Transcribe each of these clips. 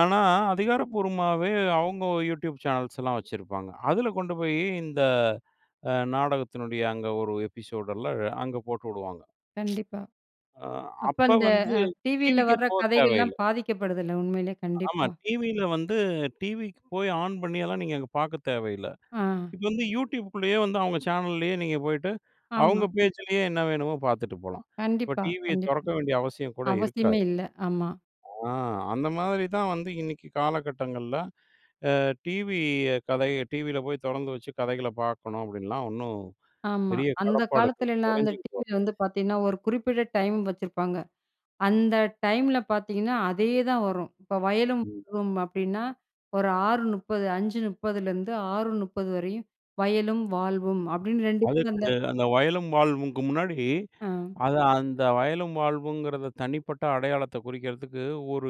ஆனா, அதிகாரப்பூர்வமாவே அவங்க You Tube சேனல்ஸ்லாம் வச்சிருப்பாங்க. அதில் கொண்டு போய் இந்த அ நாடகத்தினுடைய அங்க ஒரு எபிசோடு எல்லாம் அங்கே போட்டு விடுவாங்க. கண்டிப்பா. அப்ப அப்போ அந்த வந்து டிவியில டிவிக்கே வர்ற போகத் கதைகள்லாம் தேவையில்லை. பாதிக்கப்படுதுல்ல, உண்மையிலயே ஆமா. கண்டிப்பா. டிவியில வந்து டிவிக்கு போய் ஆன் பண்ணியெல்லாம் நீங்க அங்கே பார்க்க தேவையில்லை. ஆ. இப்ப வந்து You Tubeக்குள்ளேயே வந்து அவங்க சேனல்லேயே நீங்க போயிட்டு, ஆமா. அவங்க பேச்சிலேயே என்ன வேணுமோ பார்த்துட்டு போலாம். இப்போ கண்டிப்பா, டிவியை கண்டிப்பா. தெறக்க வேண்டிய அவசியம் கூட அவசியமே இருக்காது. இல்ல, ஆமா. ஆ அந்த மாதிரி தான் வந்து இன்னைக்கு காலகட்டங்கள்ல. ஆ டிவி கதை டிவியில போய் தொறந்து வச்சு கதைகளை பார்க்கணும் அப்படின்லாம் ஒண்ணும் ஆமா. பெரிய அந்த கடப்பாடுகள் காலத்துலலாம் அந்த கொறைஞ்சுகிட்டு டிவியில வந்து பார்த்தீங்கன்னா, ஒரு குறிப்பிட்ட டைம் வச்சிருப்பாங்க. அந்த டைம்ல பார்த்தீங்கன்னா, அதே தான் வரும். இப்போ "வயலும் ம். வாழ்வும்" அப்டின்னா ஒரு 6:30, 5:30லிருந்து 6:30 வரையும் "வயலும் வாழ்வும்" அப்படின்னு 2 பேரும் அதுக்கு அந்த அந்த வயலும் வாழ்வும்க்கு முன்னாடி ஆ. அத அந்த வயலும் வாழ்வுங்கிறத தனிப்பட்ட அடையாளத்த குறிக்கிறதுக்கு ஒரு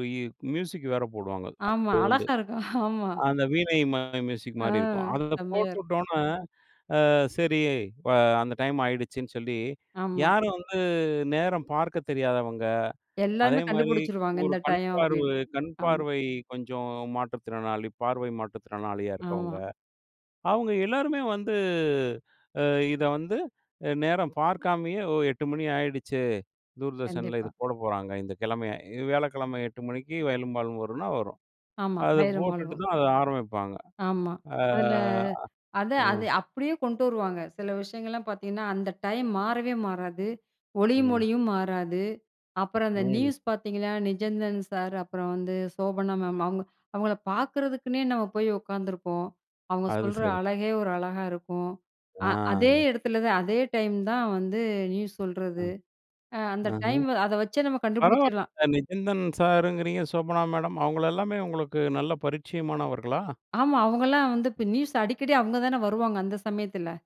மியூசிக் வேற போடுவாங்க ஆமா. அப்பயிலருந்தே. அழகா இருக்கும் ஆமா. அந்த வீணை மாரி மியூசிக் ஆ, மாரி இருக்கும். அத செம்மையா இருக்கும். போட்டுவிட்ட உடனே, "ஆ சரி இப்ப அந்த டைம்" ஆகிடுச்சுன்னு சொல்லி ஆமா. யாரும் வந்து நேரம் பார்க்கத் தெரியாதவங்க, அதே எல்லாமே மாதிரி கண்டுபிடிச்சுருவாங்க ஒரு "இந்த டைம்" கண்பார்வு அப்டின்னு ஆமா. கண்பார்வை கொஞ்சம் மாற்றுத்திறனாளி, பார்வை மாற்றுத்திறனாளியா இருக்கவங்க, ஆமா. அவங்க எல்லாருமே வந்து இத வந்து நேரம் பார்க்காமயே "8:00 மணி ஆகிடுச்சு தூர்தர்ஷனில இது கண்டிப்பா. போடப் போறாங்க." "இந்த கிழமையை வியாழக்கிழமை 8:00 மணிக்கு 'வயலும் வாழ்வும்' வரும்னா ஆமா. வரும்"அதை "வயலும் போட்டுட்டு வாழ்வும்" தான் அதை ஆரம்பிப்பாங்க. ஆமா. ஆ. அதில அத ம். அது அப்டியே கொண்டு வருவாங்க. சில விஷயங்கள்லாம் பார்த்தீங்கன்னா, அந்த டைம் மாறவே மாறாது, "ஒளியும் ம். ஒலியும்" மாறாது. அப்புறம் அந்த ம். நியூஸ் பார்த்தீங்கன்னா, "நிஜந்தன் சார்" அப்புறம் வந்து, "சோபனா மேம்" அவங்க அவங்கள பார்க்குறதுக்குன்னே நம்ம போய் உட்காந்துருப்போம். அவங்க அது சொல்ற சரி. அழகே ஒரு அழகா இருக்கும். அ அதே ஆ. இடத்துல தான் அதே டைம் தான் வந்து நியூஸ் ஆ. சொல்றது அ அந்த அஹ. டைம் அத வச்சே நம்ம கண்டுபிடிச்சிரலாம். பரவாயில்ல "நிஜந்தன்" சாருங்கிறீங்க, "சோபனா" மேடம் அவங்கள எல்லாமே உங்களுக்கு நல்ல பரிச்சயமானவர்களா? ஆமா. அவங்கலாம் வந்து இப்போ நியூஸ் அடிக்கடி அவங்க தானே வருவாங்க, அந்த சமயத்தில.